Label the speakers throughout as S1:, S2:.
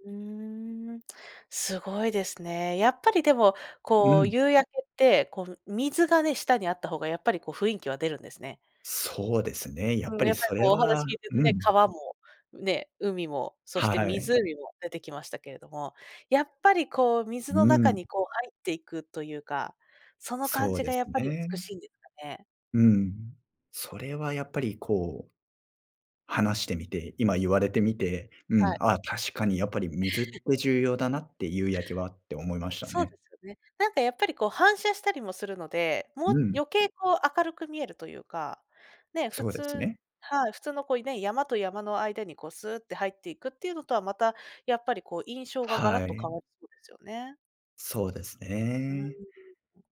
S1: うーん、すごいですね。やっぱりでも、
S2: う
S1: こう、
S2: ん。
S1: 夕焼けってこう、水がね、下にあった方がやっぱりこう、雰囲気は出るんですね。
S2: そうですね。やっ
S1: う
S2: ぱ
S1: ん、や
S2: り
S1: っぱり
S2: それ
S1: こうお
S2: は
S1: 話聞いてると
S2: う
S1: ね、
S2: ん。
S1: 川もね、海も、そして
S2: はい。
S1: 湖も出てきましたけれども、やっぱりこう、水の
S2: う
S1: 中
S2: ん。
S1: にこう入っていくというか、その感
S2: そう
S1: じ
S2: で
S1: が
S2: す
S1: やっぱり美
S2: ね。
S1: しいんですかね。
S2: うん。それはやっぱりこう、話してみて、今言われて
S1: ん、
S2: みて、う
S1: は
S2: ん、
S1: い。
S2: ああ、確かにやっぱり水って 重要だなって夕焼けはって思いました
S1: そう
S2: ね。
S1: ですよね。なんかやっぱりこう反射したりもするので、もう
S2: うん。
S1: 余計こう明るく見えるというか、ね、普
S2: そうです
S1: 通
S2: ね。
S1: はい、普通のこうね、山と山の間にこう、すって入っていくっていうのとは、またやっぱりこう印象がガラッ
S2: は
S1: と変
S2: い。
S1: わりそうですよね。
S2: そうです
S1: うーん。
S2: ね。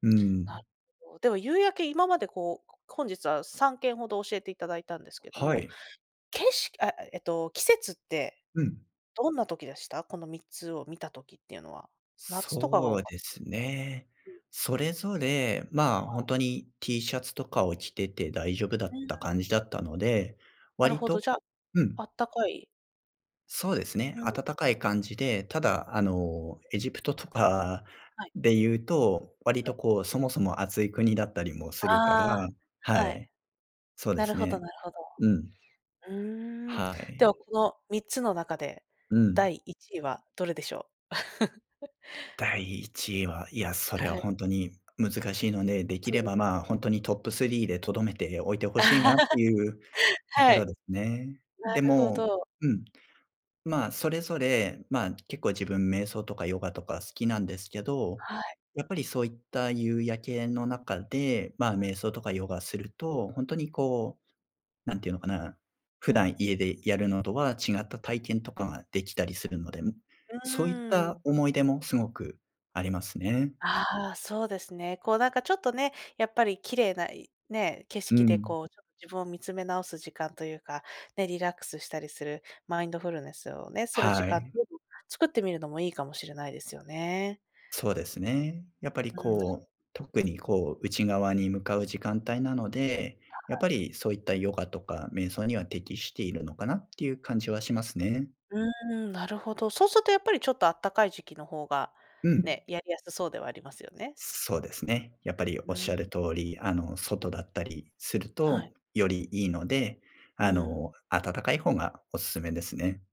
S2: う
S1: なる
S2: ん。
S1: ほど。でも夕焼け今までこう、こ本日は3件ほど教えていただいたんですけど
S2: は
S1: も、
S2: い。
S1: けしああ、えっと、季節って、
S2: うん。
S1: どんな時でした？この3つを見た時っていうのは。夏とかが
S2: そ
S1: 多
S2: う
S1: かっ
S2: ですね。
S1: た うん。
S2: それぞれ、まあ
S1: は
S2: ほん
S1: い。
S2: とに T シャツとかを着てて大丈夫だ
S1: うー
S2: った
S1: ん。
S2: 感じだったので、
S1: なる
S2: 割
S1: ほど、
S2: と
S1: じゃ、
S2: う
S1: あ
S2: ん。
S1: ったかい。
S2: そうですね。
S1: うん。
S2: 温かい感じでただあのエジプトとか
S1: はい。
S2: で言うと、割
S1: はい。
S2: とこう、そもそも暑い国だったりもするか
S1: あ
S2: ら
S1: あ、
S2: は
S1: はい。
S2: い。そうで
S1: なる
S2: す
S1: ほど
S2: ね。
S1: なるほど。
S2: うん。
S1: うーん、
S2: は
S1: で
S2: い。
S1: はこの3つの中で、
S2: う
S1: だ
S2: ん。
S1: いいちいはどれでしょう？
S2: 第1位は、いや、それ
S1: はい。
S2: ほんとに難しいので、でき
S1: そう
S2: れ
S1: で
S2: ば、
S1: すね。
S2: ま、ほんとにトップスリーで留めておいて欲しいなっていう とこ
S1: は
S2: ろ
S1: い。
S2: ですね。
S1: な
S2: で
S1: るほ
S2: も、
S1: ど。
S2: うん。まあそれぞれ、まあ結構自分瞑想とかヨガとか好きなんですけど、
S1: はい。
S2: やっぱりそういった夕焼けの中で、まあ
S1: うん。
S2: 瞑想とかヨガすると、ほんとにこう、なんて言うのかな、普段家でやるのとは違った体験とかができたりするので、ん、
S1: う
S2: そういっ
S1: ーん。
S2: た思い出もすごくありますね。
S1: ああ、そうですね。こうなんかちょっとね、やっぱり綺麗ないね、景
S2: う
S1: 色で、
S2: ん。
S1: こうちょっと自分を見つめ直す時間というか、ね、リラックスしたりする、マインドフルネスをね、する時
S2: は
S1: 間
S2: い。
S1: 作ってみるのもいいかもしれないですよね。
S2: そうですね。やっぱり
S1: うん、だ
S2: こう、特にこう、内側に向かう時間帯なので、
S1: は
S2: やっ
S1: い。
S2: ぱりそういったヨガとか瞑想には適しているのかなっていう感じはしますね。
S1: うーん、なるほど。そうするとやっぱり、ちょっとあったかい時期の方が
S2: うん。
S1: ね、やりやすそうではありますよね。
S2: そうですね。やっぱり
S1: う
S2: 仰る
S1: ん。
S2: 通り、あの、外だったりする
S1: は
S2: と
S1: い。
S2: よりいいので、
S1: う
S2: あ
S1: ん。
S2: の、暖かい方がおすすめですね。